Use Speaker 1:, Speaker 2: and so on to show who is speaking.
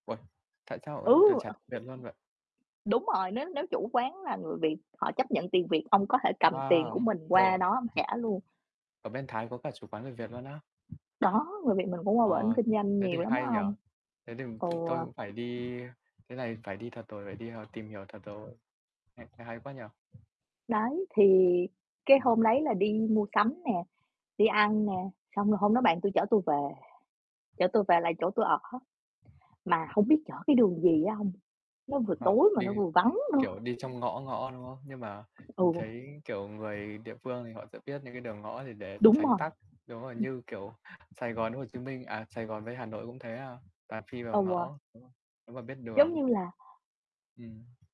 Speaker 1: Uầy, tại sao
Speaker 2: Ừ!
Speaker 1: [unintelligible] t chả
Speaker 2: Ờ.
Speaker 1: việc luôn vậy?
Speaker 2: Đúng rồi, nếu nếu chủ quán là người Việt họ chấp nhận tiền Việt, ông có thể cầm tiền của
Speaker 1: Wow!
Speaker 2: mình qua
Speaker 1: Ồ.
Speaker 2: đó ông trả luôn.
Speaker 1: Ở bên Thái có cả chủ quán người Việt luôn á?
Speaker 2: Đó, người Việt mình cũng qua bển
Speaker 1: Ờ,
Speaker 2: kinh doanh
Speaker 1: thế
Speaker 2: nhiều
Speaker 1: thì
Speaker 2: lắm á
Speaker 1: hay nhỉ.
Speaker 2: ông.
Speaker 1: Thế thì
Speaker 2: Ừ.
Speaker 1: t tôi cũng phải ư đi thế này phải đi thật rồi, phải đi h tìm hiểu thật rồi. Nghe nghe hay quá nhỉ.
Speaker 2: Đấy, thì cái
Speaker 1: Ừm.
Speaker 2: hôm đấy là đi mua sắm nè, đi ăn nè, xong rồi hôm đó bạn tui chở tui về, chở tui về lại chỗ tui ở, mà hông biết chở cái đường gì á ông, nó vừa
Speaker 1: Ờ,
Speaker 2: tối mà
Speaker 1: đi,
Speaker 2: nó vừa vắng nữa.
Speaker 1: kiểu, đi trong ngõ ngõ, đúng không? Nhưng mà mình
Speaker 2: Ừ.
Speaker 1: thấy, kiểu, người địa phương thì họ sẽ biết những cái đường ngõ thì để
Speaker 2: Đúng
Speaker 1: tránh
Speaker 2: rồi.
Speaker 1: tắc, đúng rồi,
Speaker 2: Ừm.
Speaker 1: như kiểu, Sài Gòn với Hồ Chí Minh, à, Sài Gòn với Hà Nội cũng thế, à, toàn phi vào
Speaker 2: Ừ.
Speaker 1: ngõ, đúng rồi, nếu mà biết
Speaker 2: Giống
Speaker 1: đường.
Speaker 2: như là
Speaker 1: Ừm.